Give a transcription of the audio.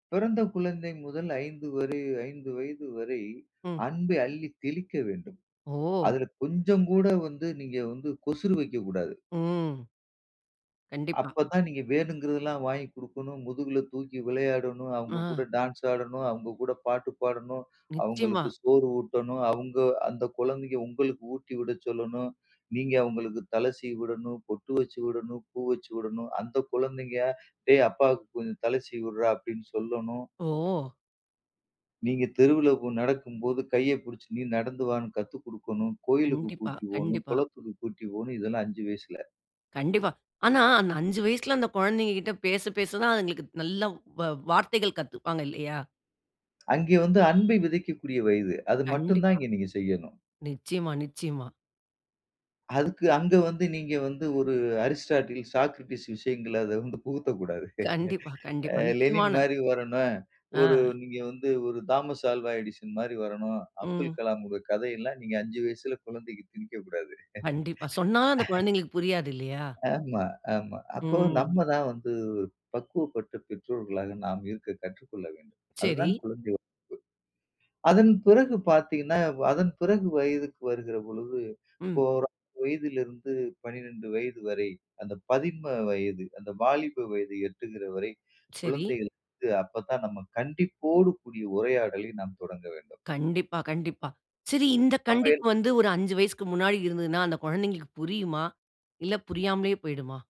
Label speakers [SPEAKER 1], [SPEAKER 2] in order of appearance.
[SPEAKER 1] பிறந்த குழந்தை முதல் 5 வரை 5 வயது வரை
[SPEAKER 2] ம்.
[SPEAKER 1] அன்பை அள்ளித் தெளிக்க வேண்டும்.
[SPEAKER 2] ஓ!
[SPEAKER 1] அதில கொஞ்சம் கூட வந்து, நீங்க வந்து கொசுரு வைக்கக்கூடாது.
[SPEAKER 2] ம். கண்டிப்பா.
[SPEAKER 1] அப்பத்தான் நீங்க வேணுங்கிறதெல்லாம் வாங்கி குடுக்கணும். முதுகில தூக்கி விளையாடணும். அவங்க கூட
[SPEAKER 2] அ.
[SPEAKER 1] டான்ஸ் ஆடணும். அவங்க கூட பாட்டு பாடணும்.
[SPEAKER 2] நிச்சயமா.
[SPEAKER 1] அவங்களுக்கு சோறு ஊட்டணும். அவங்க அந்த குழந்தைங்க உங்களுக்கு ஊட்டி விட சொல்லணும். நீங்க அவங்களுக்கு தல சீவி விடணும். பொட்டு வச்சு விடணும். பூ வச்சு விடணும். அந்த குழந்தைங்கட்ட "டேய் அப்பாவுக்கு கொஞ்சம் தலை சீவி விடுறா" அப்படின்னு சொல்லணும்.
[SPEAKER 2] ஓ!
[SPEAKER 1] நீங்க தெருவில போ நடக்கும் போது கைய புடிச்சு, நீ நடந்து வான்னு கத்து குடுக்கணும். கோயிலுக்கு
[SPEAKER 2] கண்டிப்பா,
[SPEAKER 1] கூட்டி போணும்,
[SPEAKER 2] கண்டிப்பா.
[SPEAKER 1] குளத்துக்கு கூட்டி போணும். இதெல்லாம் 5 வயசுல.
[SPEAKER 2] கண்டிப்பா. ஆனா அந்த 5 வயசுல அந்த குழந்தைங்க கிட்ட பேச பேச தான் அதுங்களுக்கு நல்ல வ் வ வார்த்தைகள் கத்துப்பாங்க இல்லையா?
[SPEAKER 1] அங்கே வந்து அன்பை விதைக்கக்கூடிய வயது. அது மட்டும் தான்
[SPEAKER 2] கண்டிப்பா.
[SPEAKER 1] இங்க நீங்க செய்யணும்.
[SPEAKER 2] நிச்சயமா, நிச்சயமா.
[SPEAKER 1] அதுக்கு அங்க வந்து நீங்க வந்து ஒரு அரிஸ்டாட்டில், சாக்ரடிஸ் விஷயங்களை அத வந்து புகுத்த கூடாது.
[SPEAKER 2] கண்டிப்பா,
[SPEAKER 1] அ
[SPEAKER 2] கண்டிப்பா.
[SPEAKER 1] லெனின்
[SPEAKER 2] நிச்சயமான
[SPEAKER 1] மாரி வரணும். ஒரு
[SPEAKER 2] அ.
[SPEAKER 1] நீங்க வந்து ஒரு தாமஸ் ஆல்வா எடிசன் மாரி வரணும். அப்துல்
[SPEAKER 2] ம்.
[SPEAKER 1] கலாம் உங்க கதை எல்லாம் நீங்க 5 வயசுல குழந்தைக்கு திணிக்க கூடாது.
[SPEAKER 2] கண்டிப்பா. சொன்னா அந்த கொழந்தைங்களுக்கு புரியாது, இல்லையா?
[SPEAKER 1] ஆமா, ஆமா. அப்போ
[SPEAKER 2] ம்.
[SPEAKER 1] நம்ம தான் வந்து ஒரு பக்குவப்பட்ட பெற்றோர்களாக நாம் இருக்க கற்றுக்கொள்ள வேண்டும். அது
[SPEAKER 2] சரி.
[SPEAKER 1] தான் குழந்தை வளர்ப்பு. அதன் பிறகு பார்த்தீங்கன்னா, அதன் பிறகு வயதுக்கு வருகிற பொழுது இப்போ
[SPEAKER 2] ம்.
[SPEAKER 1] ஒரு 6 வயதிலிருந்து, 12 வயது வரை, அந்த பதின்ம வயது, அந்த வாலிப வயது எட்டுகிற வரை,
[SPEAKER 2] சரி.
[SPEAKER 1] குழந்தைகளுக்கு அப்ப தான் நம்ம கண்டிப்போடு கூடிய உரையாடலை நாம் தொடங்க வேண்டும்.
[SPEAKER 2] கண்டிப்பா, கண்டிப்பா. சரி. இந்த
[SPEAKER 1] அப்ப எல்
[SPEAKER 2] கண்டிப்பு வந்து ஒரு 5 வயசுக்கு முன்னாடி இருந்ததுன்னா அந்த குழந்தைங்களுக்கு புரியுமா? இல்ல புரியாமலே போய்டுமா?